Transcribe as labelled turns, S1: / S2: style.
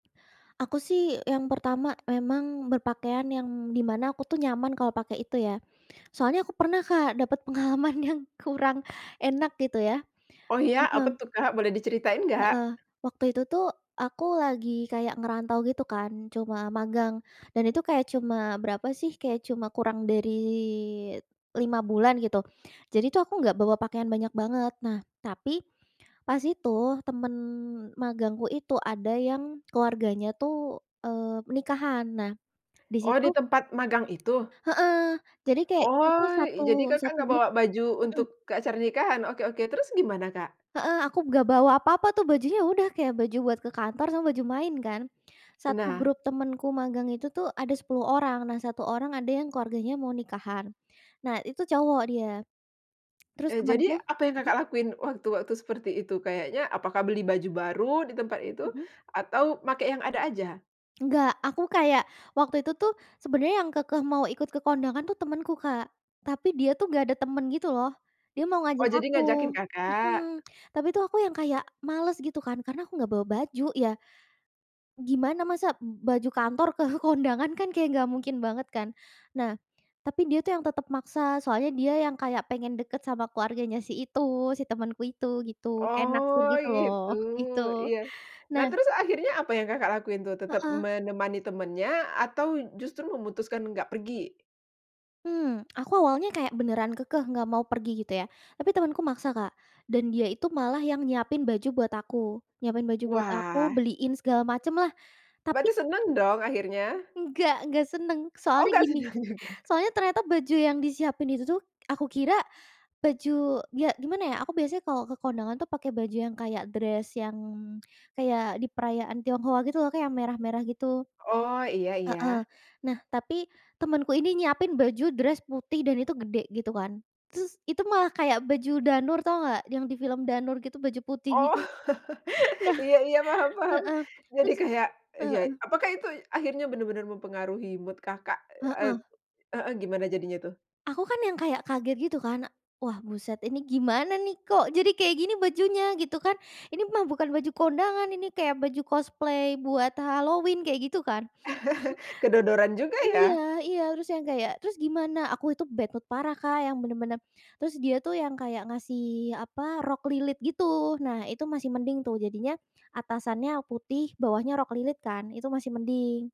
S1: Aku sih yang pertama memang berpakaian yang di mana aku tuh nyaman kalau pakai itu ya. Soalnya aku pernah Kak dapat pengalaman yang kurang enak, gitu ya.
S2: Oh, ya, apa
S1: Heeh.
S2: tuh Kak boleh diceritain nggak?
S1: Heeh, waktu itu tuh aku lagi kayak ngerantau gitu kan cuma magang dan itu kayak cuma berapa sih kayak cuma kurang dari 5 bulan, gitu. Jadi tuh aku nggak bawa pakaian banyak banget, nah, tapi pas itu temen magangku itu ada yang keluarganya tuh, eee, nikahan. Nah,
S2: Oh,
S1: disitu
S2: di tempat magang itu?
S1: heeh, jadi kayak kita tuh
S2: Oh,
S1: satu
S2: jadi Kakak
S1: satu
S2: nggak
S1: grup
S2: bawa baju
S1: mhm.
S2: untuk ke acara nikahan? Oke oke, terus gimana, Kak?
S1: Heeh, aku nggak bawa apa-apa tuh bajunya ya udah kayak baju buat ke kantor sama baju main kan. 1
S2: Nah.
S1: grup temenku magang itu tuh ada 10 orang, nah 1 orang ada yang keluarganya mau nikahan, nah itu cowok dia. Terus
S2: Eee,
S1: temanku
S2: jadi apa yang
S1: mhm?
S2: Kakak lakuin waktu-waktu seperti itu? Kayaknya apakah beli baju baru di tempat itu?
S1: Mhm.
S2: Atau makai yang ada aja?
S1: Enggak, aku kayak waktu itu tuh sebenarnya yang kekeh mau ikut ke kondangan tuh temenku, Kak. Tapi dia tuh nggak ada temen gitu loh, dia mau
S2: Oh,
S1: ngajak
S2: jadi
S1: aku.
S2: ngajakin, Kakak?
S1: Mhm, tapi tuh aku yang kayak males gitu kan karena aku nggak bawa baju. Ya, gimana masak b baju kantor ke kondangan kan kayak nggak mungkin banget kan? Nah, tapi dia tuh yang tetap maksa, soalnya dia yang kayak pengen deket sama keluarganya si itu, si temenku itu gitu kayak naksir
S2: Oh,
S1: gitu loh
S2: itu,
S1: gitu.
S2: iya. Nah,
S1: Nah
S2: terus akhirnya apa yang Kakak lakuin tuh? Tetep
S1: Heeh.
S2: menemani temannya atau justru memutuskan nggak pergi?
S1: Mmm, aku awalnya kayak beneran kekeh nggak mau pergi gitu ya, tapi temanku maksa Kak dan dia itu malah yang nyiapin baju buat aku, nyiapin baju buat aku
S2: Wah.
S1: beliin segala macem lah tapi
S2: Berarti seneng dong akhirnya?
S1: Enggak, nggak seneng.
S2: Oh,
S1: Soalnya
S2: nggak
S1: gini,
S2: seneng juga.
S1: soalnya ternyata baju yang disiapin itu tuh aku kira baju, ya gimana ya aku biasanya kalau ke kondangan tuh pakai baju yang kayak dress yang, kayak di perayaan Tionghoa gitu loh Kak yang merah-merah, gitu.
S2: Oh, iya
S1: Heeh,
S2: iya.
S1: nah, tapi temenku ini nyiapin baju dress putih dan itu gede gitu kan, terus itu malah kayak baju Danur tahu nggak yang di film Danur gitu baju putih
S2: Oh,
S1: gitu? Nah
S2: iya iya, paham paham.
S1: heeh,
S2: Jadi
S1: terus
S2: kayak, ya
S1: heeh.
S2: apakah itu akhirnya bener-bener mempengaruhi mood Kakak? Et
S1: Heeh.
S2: heeh, gimana jadinya tuh?
S1: Aku kan yang kayak kaget gitu kan, wah buset ini gimana nih kok jadi kayak gini bajunya? Gitu kan. Ini mah bukan baju kondangan, ini kayak baju cosplay buat Halloween kayak gitu kan.
S2: Kedodoran juga ya?
S1: Iya iya, terus yang kayak terus gimana, aku itu bad mood parah Kak, yang bener-bener terus dia tuh yang kayak ngasih apa, rok lilit gitu. Nah, itu masih mending tuh jadinya atasannya putih bawahnya rok lilit kan itu masih mending.